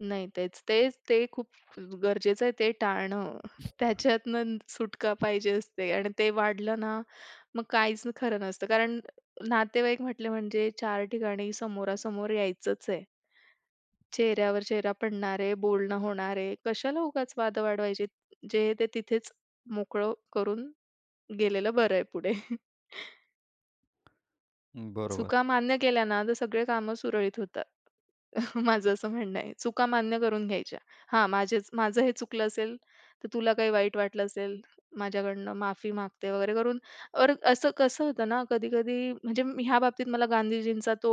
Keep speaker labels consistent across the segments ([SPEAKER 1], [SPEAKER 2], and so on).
[SPEAKER 1] नाही, तेच तेच ते खूप अ, गरजेचं आहे ते टाळणं. त्याच्यातनं सुटका पाहिजे असते आणि ते वाढलं ना, मग काहीच खरं नसतं. कारण नातेवाईक म्हटले म्हणजे चार ठिकाणी समोरासमोर यायचंच आहे. चेहऱ्यावर चेहरा पडणार आहे, बोलणं होणार आहे, कशाला उगाच वाद वाढवायचे. जे आहे, ते तिथेच मोकळं करून गेलेलं बरं आहे पुढे.
[SPEAKER 2] बरोबर.
[SPEAKER 1] चुका मान्य केल्या ना, तर सगळे कामं सुरळीत होतात. माझं असं म्हणणं आहे. चुका मान्य करून घ्यायच्या. हां, माझ्याच माझं हे चुकलं असेल, तर तुला काही वाईट वाटलं असेल, माझ्याकडनं माफी मागते वगैरे करून, ऑर असं कसं होतं ना, कधी-कधी म्हणजे ह्या बाबतीत मला गांधीजींचा तो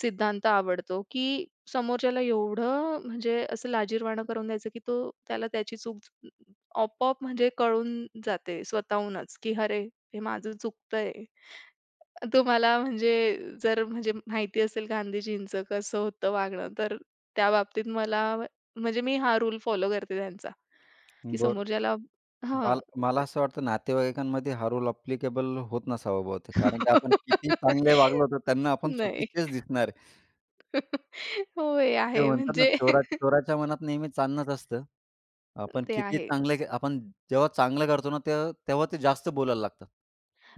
[SPEAKER 1] सिद्धांत आवडतो, की समोरच्याला एवढं म्हणजे असं लाजिरवाण करून द्यायचं की तो त्याला त्याची चूक, आपोआप म्हणजे कळून जाते स्वतःहूनच, की अरे हे माझं चुकतंय. तुम्हाला म्हणजे जर म्हणजे माहिती असेल गांधीजींचं कसं होतं वागणं, तर त्या बाबतीत मला म्हणजे मी हा रूल फॉलो करते त्यांचा, की
[SPEAKER 2] बरं.
[SPEAKER 1] समोरच्याला हां.
[SPEAKER 2] मला मला असं वाटतं नातेवाईकांमध्ये हा रोल ॲप्लिकेबल होत नसावा बहुतेक, कारण की आपण किती चांगले वागलो, तर त्यांना आपण
[SPEAKER 1] नाही.
[SPEAKER 2] चुकीचेच दिसणार आहे.
[SPEAKER 1] होय, हे
[SPEAKER 2] ते
[SPEAKER 1] आहे.
[SPEAKER 2] म्हणतात ना
[SPEAKER 1] म्हणजे
[SPEAKER 2] चोरा "चोराच्या मनात नेहमी चांदनच असतं." आपण
[SPEAKER 1] ते
[SPEAKER 2] कितीही
[SPEAKER 1] आहे.
[SPEAKER 2] चांगले आपण जेव्हा चांगलं करतो ना, तेव्हा तेव्हा ते जास्त बोलायला लागतात.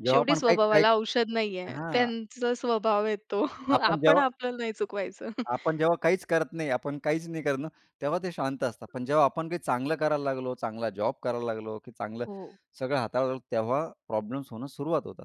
[SPEAKER 2] जेव्हा
[SPEAKER 1] शेवटी
[SPEAKER 2] आपण काही काही
[SPEAKER 1] स्वभावाला औषध नाहीये.
[SPEAKER 2] हां.
[SPEAKER 1] त्यांचा स्वभाव आहे तो,
[SPEAKER 2] आपण
[SPEAKER 1] आपण
[SPEAKER 2] जेव्हा
[SPEAKER 1] आपल्याला नाही चुकवायचं.
[SPEAKER 2] आपण जेव्हा काहीच करत नाही आपण काहीच नाही करत ना, तेव्हा ते शांत असतात. पण जेव्हा आपण काही चांगलं करायला लागलो, चांगला जॉब करायला लागलो की चांगलं
[SPEAKER 1] हो.
[SPEAKER 2] सगळं हाताळतो, तेव्हा प्रॉब्लेम्स होणं सुरुवात होतात.